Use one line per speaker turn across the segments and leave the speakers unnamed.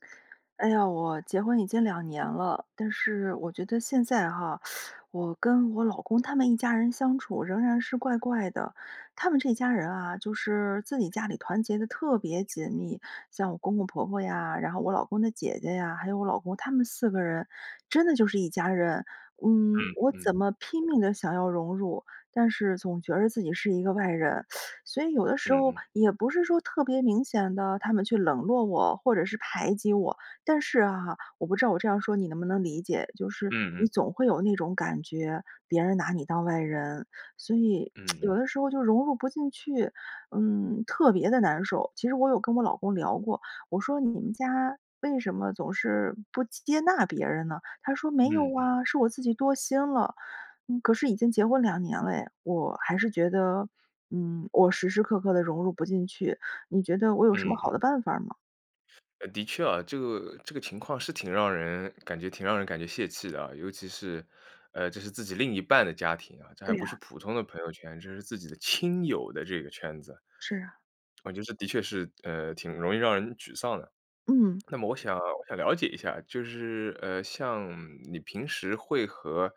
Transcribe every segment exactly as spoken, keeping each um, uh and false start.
哎呀，我结婚已经两年了，但是我觉得现在哈，我跟我老公他们一家人相处仍然是怪怪的。他们这一家人啊，就是自己家里团结得特别紧密，像我公公婆婆呀，然后我老公的姐姐呀，还有我老公他们四个人，真的就是一家人。嗯，
嗯
我
嗯。
怎么拼命地想要融入，但是总觉着自己是一个外人，所以有的
嗯
时候
嗯。
也不是说特别明显地他们去冷落我或者是排挤我。但是哈，我不知道我这样说你能不能理解，就是
嗯
你
嗯。
总会有那种感觉，别人拿你当外人。所以，
嗯
有
嗯。
的时候就融入不进去，嗯，特别的难受。其实我有跟我老公聊过，我说：“你们家为什么总是不接接纳别人呢？”他说：“没有
嗯嗯。
哇。”是我自己多心了。可是已经结婚两年了诶，我还是觉得，嗯，我时时刻刻地融入不进去，你觉得我有什么
嗯嗯。
好的办法儿吗？
呃，的确啊，这个这个情况是挺让人感觉挺让人感觉泄气的啊，尤其是，呃，这是自己另一半的家庭啊，这还
对
不是
呀。
普通的朋友圈，这是自己的亲友的这个圈子。
是啊。
我觉得是的确是，呃，挺容易让人沮丧的。
嗯。
那么我想我想了解一下，就是，呃，像你平时会和，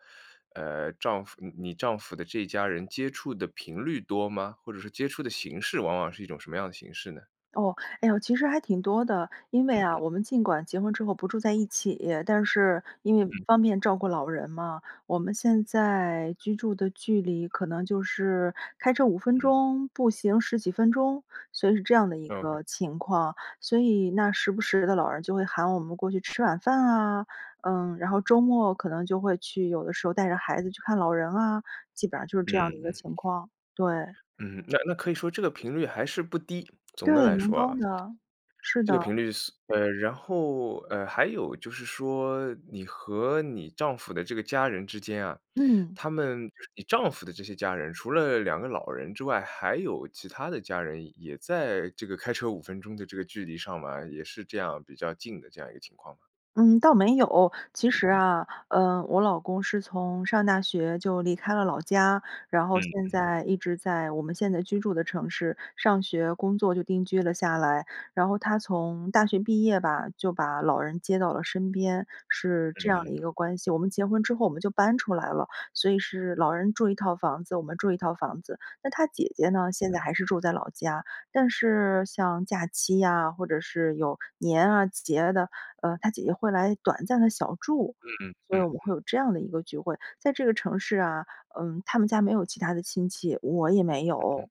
呃，丈夫你丈夫的这家人接触的频率多吗？或者说接触的形式，往往是一种什么样的形式呢？
哦，哎哟，其实还挺多的。因为
嗯
啊，
嗯。
我们尽管结婚之后不住在一起，但是因为
嗯。
方便照顾老人嘛，我们现在居住的距离可能就是开车五分
嗯。
钟、步行十几分钟，所以是这样的一
OK。
个情况。所以那时不时地老人就会喊我们过去吃晚饭啊，嗯，然后周末可能就会去有的时候带着孩子去看老人啊，基本上就是
嗯
这样的
嗯
一个
嗯。
情况，对。
嗯，那那可以说这个频率还是不低，总的
对，
来
蛮
说
高
啊
的，是
这个
的。
频率是呃，然后，呃，还有就是说，你和你丈夫的这个家人之间啊，
嗯。
他们就是你丈夫的这些家人，除了两个老人之外，还有其他的家人也在这个开车五分钟的这个距离上来，也是这样比较近的这样一个情况吗？
嗯，倒没有。其
嗯
实
嗯。
啊，呃，我老公是从上大学就离开了老家，然后
嗯
现
嗯。
在一直在我们现在居住的城市，上学工作就定居了下来。然后他从大学毕业吧，就把老人接到了身边，是这
嗯
样的
嗯。
一个关系，我们结婚之后我们就搬出来了，所以是老人住一套房子，我们住一套房子。那他姐姐呢，现在
嗯。
还是住在老家，但是像假期呀，或者是有年啊、节啊的，呃，他姐姐会来短暂地小住，
嗯嗯
所以
嗯
我们会
嗯。
有这样的一个聚会，在这个城市啊，嗯，他们家没有其他的亲戚，我也没
嗯？
有。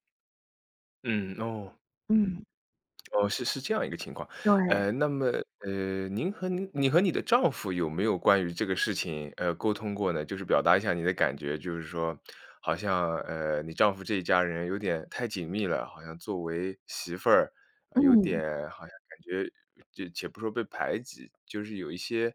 嗯，哦。嗯。
嗯。
哦，是是这样一个情况，
对。
呃，那么，呃，您和您你和你的丈夫有没有关于这个事情，呃，沟通过呢？就是表达一下你的感觉，就是说，好像，呃，你丈夫这一家人有点太紧密了，好像作为媳妇儿，呃，有
嗯。
点，好像感觉且不说被排挤，就是有一些，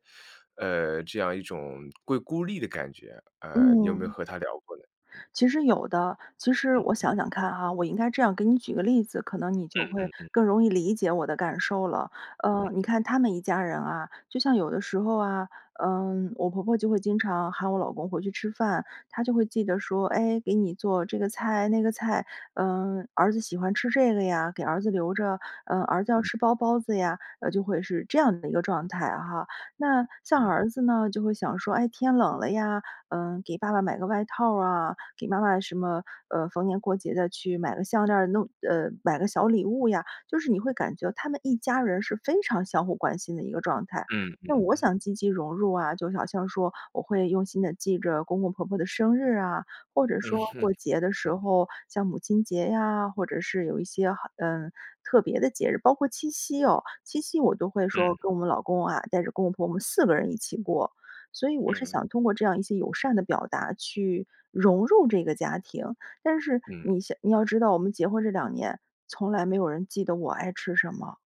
呃，这样一种会孤立的感觉，呃，你有没有
嗯。
和他聊过呢？嗯。
其实有的。其实
嗯
我
嗯。
想想看哈，我应该这样给你举个例子，可能你就
嗯
会
嗯嗯。
更容易理解我的感受了。
嗯。
呃，你看他们一家人啊，就像有的时候啊，嗯，我婆婆就会经常喊我老公回去吃饭，她就会记得说，哎，给你做这个菜、那个菜，嗯，儿子喜欢吃这个呀，给儿子留着，呃，儿子要
嗯。
吃包包子呀，呃，就会是这样的一个状态哈。那像
嗯。
儿子呢，就会想说，哎，天冷了呀，嗯，给爸爸买个外套啊，给妈妈什么，呃，逢年过节地去买个项链儿，弄呃，买个小礼物呀，就是你会感觉他们一家人是非常相互关心的一个状态。
嗯，
那
嗯，
我
嗯。
想积极融入啊，就好像说我会用心地记着公公婆婆的生日啊，或者
嗯
说
哼。
过节的
嗯。
时候，像母亲节呀，或者是有一些好嗯，特别的节日，包括七夕哦，七夕我都会说
嗯。
跟我们老公啊，带着公公婆婆我们四个人一起过，所以我是
嗯。
想通过这样一些友善的表达去融入这个家庭。但是
嗯。
你想你要知道，我们结婚这两年，从来没有人记得我爱吃什么。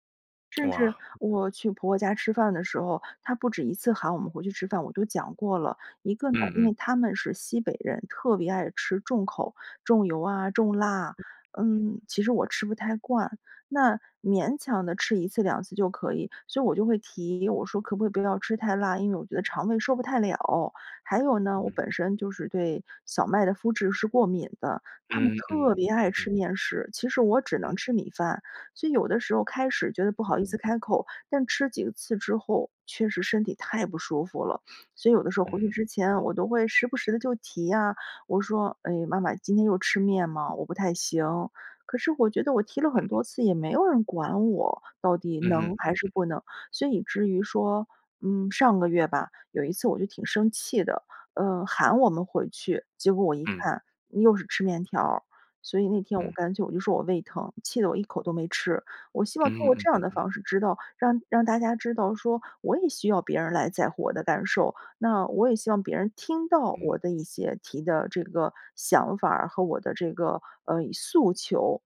甚至
哇。
我去婆婆家吃饭的时候，她不止一次喊我们回去吃饭，我都讲过了，一个呢，
嗯
因
嗯。
为他们是西北人，特别爱吃重口，重油啊、重辣，嗯，其实我吃不太惯，那勉强地吃一次两次就可以。所以我就会提，我说：“可不可以不要吃太辣，因为我觉得肠胃受不太了。”还有呢，我
嗯。
本身就是对小麦的麸质是过敏的，他们
嗯，
特
嗯，
别爱
嗯嗯。
吃面食，其实我只
嗯。
能吃米饭，所以有的时候开始觉得不
嗯
好意思
嗯。
开口，但吃几次之后确实身体太不舒服了。所以有的时候
嗯
回去
哼。
之前我都会时不时地就提呀，我说：“哎，妈妈今天又吃面吗？我不太行。”可是我觉得我提了很
嗯。
多次也没有人管我，到底
嗯哼，
能还是
嗯。
不能。所以至于说嗯，上个月吧，有一次我就挺生气的，呃，喊我们回去，结果我一
嗯。
看又是吃面条儿，所以那天我
嗯。
干脆我就说：“我胃疼”，气得我一口都没吃。我希望通
嗯，
过
嗯
这样
嗯
的
嗯。
方式知道让让大家知道说我也需要别人来在乎我的感受，那我也希望别人听到
嗯。
我的一些提的这个想法儿和我的这个，呃，诉求，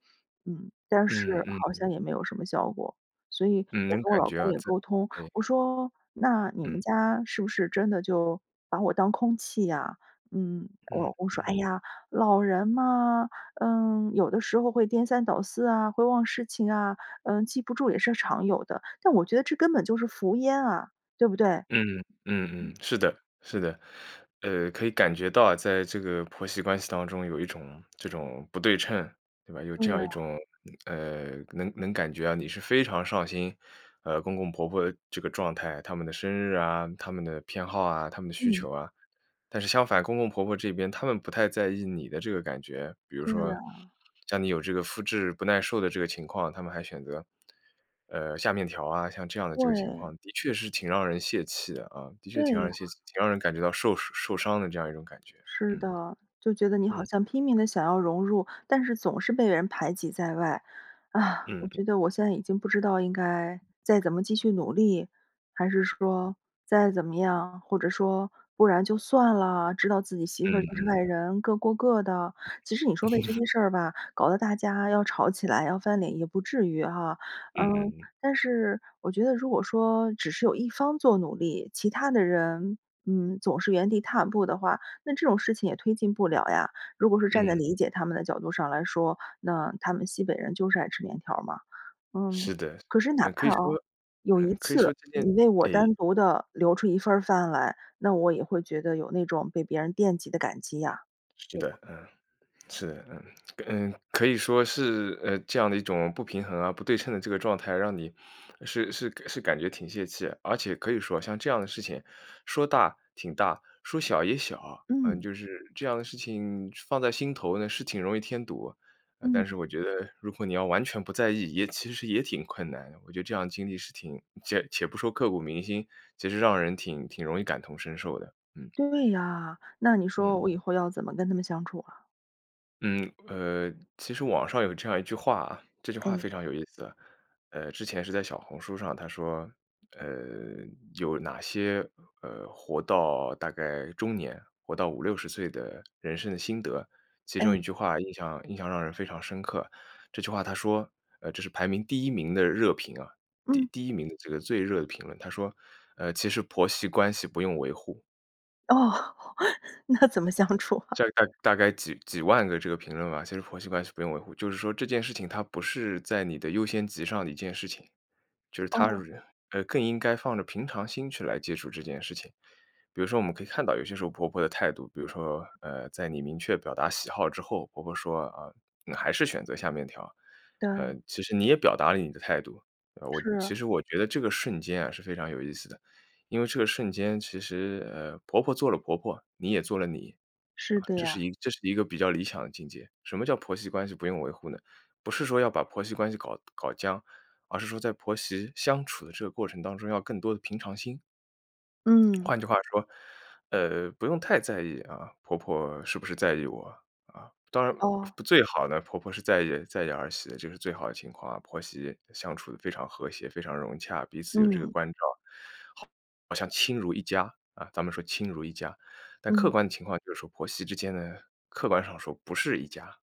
嗯。但
嗯，
是
嗯
好
哼。
像也没有什么效果，所以
嗯，
我
能
跟我
感
老
觉
公
啊，
也
这
沟通，
哎。
我说：“那你
嗯。
们家是不是真的就把我当空气呀？”嗯，我
嗯，
老公说：“哎
嗯。
呀，老人嘛，嗯，有的时候会颠三倒四啊，会忘事情啊，嗯，记不住也是常有的。”但我觉得这根本就是服烟啊，对不对？
嗯嗯，嗯嗯，是的，是的。呃，可以感觉到啊，在这个婆媳关系当中有一种，这种不对称，对吧？有
对
这
呀。
样一种呃，能能感觉啊，你是非常上心，呃，公公婆婆的这个状态，他们的生日啊、他们的偏好啊、他们的需
嗯。
求啊。但是相反，公公婆婆这边，他们不太在意你的这个感觉。比如
对
说
呀。
像你有这个麸质不耐受的这个情况，他们还选择，呃，下面条啊，像这样的这个情
对。
况的确是挺让人泄气的啊，的确
对
挺让
呀。
人泄气。挺让人感觉到受受伤的这样一种感觉，
是
嗯。
的，就觉得你好
嗯。
像拼命地想要融入，但是总是被人排挤在外。啊，我
嗯。
觉得我现在已经不知道应该再怎么继续努力，还是说再怎么样，或者说不然就算啦，知道自己媳
嗯，
妇就是
嗯。
外人，各过各的。其实你说为这 些事儿吧，搞得大家要吵起来要翻脸也不至于哈。
嗯嗯
嗯，
嗯。
但是我觉得如果说只是有一方做努力，其他的人，嗯，总是原地踏步的话，那这种事情也推进不了呀。如果是站在
嗯。
理解他们的角度上来说，那他们西北人就是爱吃面条儿嘛。嗯，
是的是的，
可是哪
呃，可
怕
以说
啊，有
呃，
一
可以说
次
这些
你为我
哎。
单独地留出一份儿饭来，那我也会觉得有那种被别人惦记的感激呀，
是
对吧？
的，嗯。是，嗯，嗯，可以说是，呃，这样的一种不平衡啊，不对称的这个状态让你，是是是感觉挺泄气。而且可以说，像这样的事情说大挺大，说小也小。呃，
嗯。
就是这样的事情放在心头呢是挺容易添堵，但
嗯。
是我觉得如果你要完全不在意，也其实也挺困难的。我觉得这样的经历是挺且且不说刻骨铭心，其实让人挺挺容易感同身受的，嗯。
对呀，那你说
嗯。
我以后要怎么跟他们相处啊？
嗯，呃，其实网上有这样一句话啊，这句话
哎。
非常有意思，呃，之前是在小红书上，它说，呃，有哪些，呃，活到大概中年，活到五六十岁的人生的心得，其中一
哎。
句话印象印象让人非常深刻，这句话它说呃，这是排名第一名的热评啊，第
嗯。
第一名的这个最热的评论，它说，呃：“其实婆媳关系不用维护”。
哦，那怎么相处啊？
这大大概几几万个这个评论吧，其实婆媳关系不用维护。就是说这件事情它不是在你的优先级上的一件事情，就是它
哦。
呃，更应该放着平常心去来接触这件事情。比如说我们可以看到有些时候婆婆的态度，比如说，呃，在你明确表达喜好之后，婆婆说，呃，还是选择下面条，呃，
对。
其实你也表达了你的态度，我其
是。
实我觉得这个瞬间啊，是非常有意思的。因为这个瞬间，其实，呃，婆婆做了婆婆，你也做了你，啊，
是的
这是
呀。
一这是一个比较理想的境界，什么叫婆媳关系不用维护呢？不是说要把婆媳关系搞搞僵，而是说在婆媳相处的这个过程当中，要更多的平常心。
嗯。
换句话说，呃，不用太在意啊，婆婆是不是在意我啊，啊，当然
哦。
最好呢，婆婆是在意在意儿媳的，就是最好的情况啊。婆媳相处得非常和谐、非常融洽，彼此有这个
嗯。
关照，好好像亲如一家，啊，咱们说亲如一家。但客
嗯。
观的情况就是说婆媳之间呢，客观上说不是一家。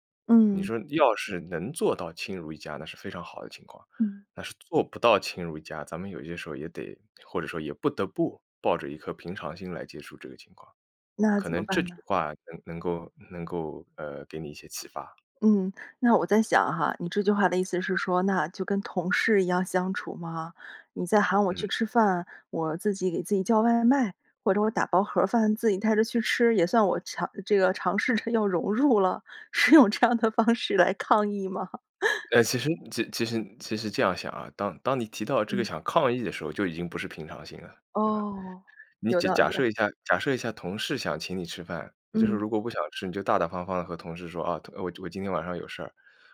你
嗯。
说要是能做到亲如一家，那是非常好的情况。
嗯。
那是做不到亲如一家，咱们有些时候也得或者说也不得不抱着一颗平常心来接触这个情况。
那
可
怎么
能这
办
句
呐？
话能能够能够，呃，给你一些启发。
嗯，那我在想哈，你这句话的意思是说，那就跟同事一样相处吗？你在 喊我
嗯。
去吃饭，我自己给自己叫外卖，或者我打包盒饭，自己带着去吃，也算我强这个尝试着要融入了？是用这样的方式来抗议吗？
呃，其实其实其实这样想啊，当当你提到这个
嗯。
想抗议的时候，就已经不是平常心了，对吧？
哦，
你
有
假
道
假
理啊。
设一下假设一下同事想请你吃饭，你就是
嗯。
如果不想吃，你就大大方方地和同事说：“啊，特我我今天晚上有事儿。”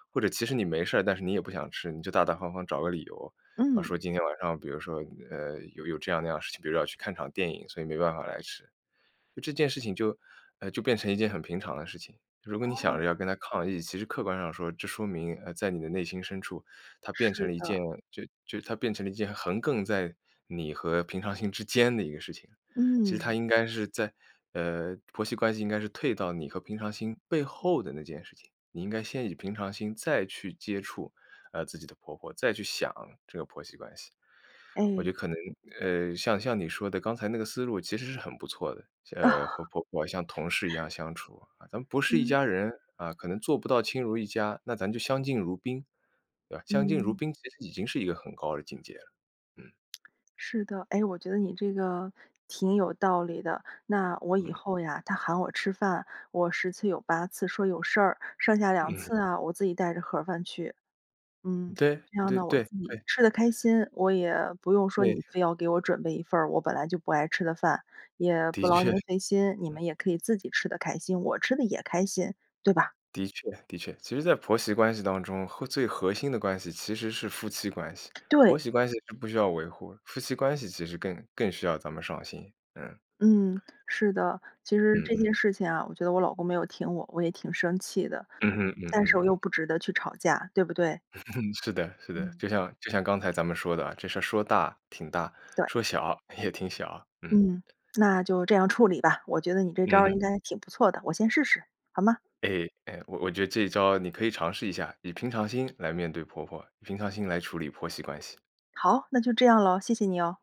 或者其实你没事儿，但是你也不想吃，你就大大方方找个理由，啊，说
嗯。
今天晚上比如说，呃，有有这样那样的事情，比如要去看场电影，所以没办法来吃，这件事情就呃，就变成一件很平常的事情。如果你想
哦。
着要跟她抗议，其实客观上说，这说明，呃，在你的内心深处，它变成
是
了一
的。
件，就就它变成了一件横亘在你和平常心之间的一个事情。其实它
嗯。
应该是在呃，婆媳关系应该是退到你和平常心背后的那件事情，你应该先以平常心，再去接触，呃，自己的婆婆，再去想这个婆媳关系。我
哎。
觉得可能，呃，像像你说的，刚才那个思路其实是很不错的，
啊。
呃，和婆婆，啊，像同事一 样相处，咱们不是一
嗯。
家人，啊，可能做不到亲如一家，那咱就相敬如宾，对吧，相敬如
嗯。
宾其实已经是一个很高的境界了。嗯。
是的，哎，我觉得你这个，挺有道理的。那我以
嗯。
后呀，他喊我吃饭我十次有八次说有事儿，剩下两
嗯。
次啊，我自己带着盒饭去。嗯。
对，
这样
对
呢，我
对，
自己
对。
吃得开心，我也不用说
对。
你非要给我准备一份儿我本来就不爱吃的饭，也
的
不劳
确。
您
嗯。
费心。你们也可以自己吃得开心，我吃得也开心，对吧？
的确，的确，其实在婆媳关系当中，核最核心的关系，其实是夫妻关系，婆
对。
媳关系是不需要维护的，夫妻关系其实更更需要咱们上心，嗯。
嗯，是的。其实
嗯
这件
嗯。
事情啊，我觉得我老公没有挺我，我也挺生气的。
嗯哼，嗯
但是我又
嗯。
不值得去吵架，对不对？
是的，是的。
嗯。
就像就像刚才咱们说的啊，这事儿说大挺大，
对。
说小，也挺小，嗯。
嗯，那就这样处理吧。我觉得你这招
嗯
儿
哼。
应该挺不错的，我先试试，好吗？
哎，哎，我我觉得这一招你可以尝试一下，以平常心来面对婆婆，以平常心来处理婆媳关系。
好，那就这样咯，谢谢你哦。